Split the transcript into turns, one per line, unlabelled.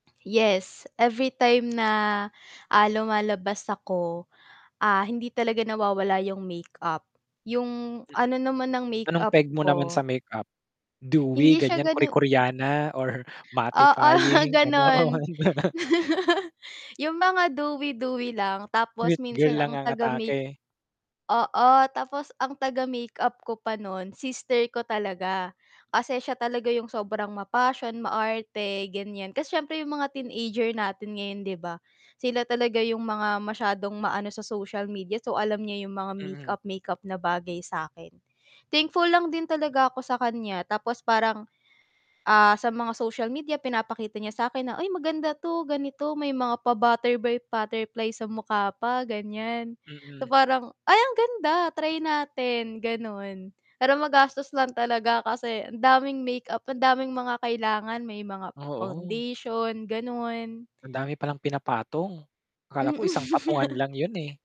Yes, everytime na, ah, lumalabas ako, ah, hindi talaga nawawala yung makeup. Yung
Mm.
ano naman ng
Anong
makeup
peg mo naman sa
ko
makeup? Dewy
hindi siya
gan'yan, Korea
gano'n
koreana or
Oo,
mattifying,
gano'n.
gano'n?
Yung mga dewy, dewy lang tapos
Sweet
minsan
girl lang
ang
ang
taga-make
atake?
oo, tapos ang taga-makeup ko pa no'n sister ko talaga. Kasi siya talaga yung sobrang ma-passion, maarte, gan'yan. Kasi siyempre yung mga teenager natin ngayon 'di ba, sila talaga yung mga masyadong maano sa social media, so, alam niya yung mga
Mm.
makeup-makeup na bagay sa'kin. Thankful lang din talaga ako sa kanya tapos parang, ah, sa mga social media pinapakita niya sa'kin na, "Ay, maganda 'to ganito may mga pa-butter by butterfly sa mukha pa." Gan'yan. So
Mm.
parang, "Ay, ang ganda, try natin." Gano'n. Pero magastos lang talaga kasi ang daming makeup, ang daming mga kailangan may mga
Oo.
foundation, gano'n.
Ang dami palang pinapatong. Akala ko isang patungan
Mm.
lang 'yun, eh.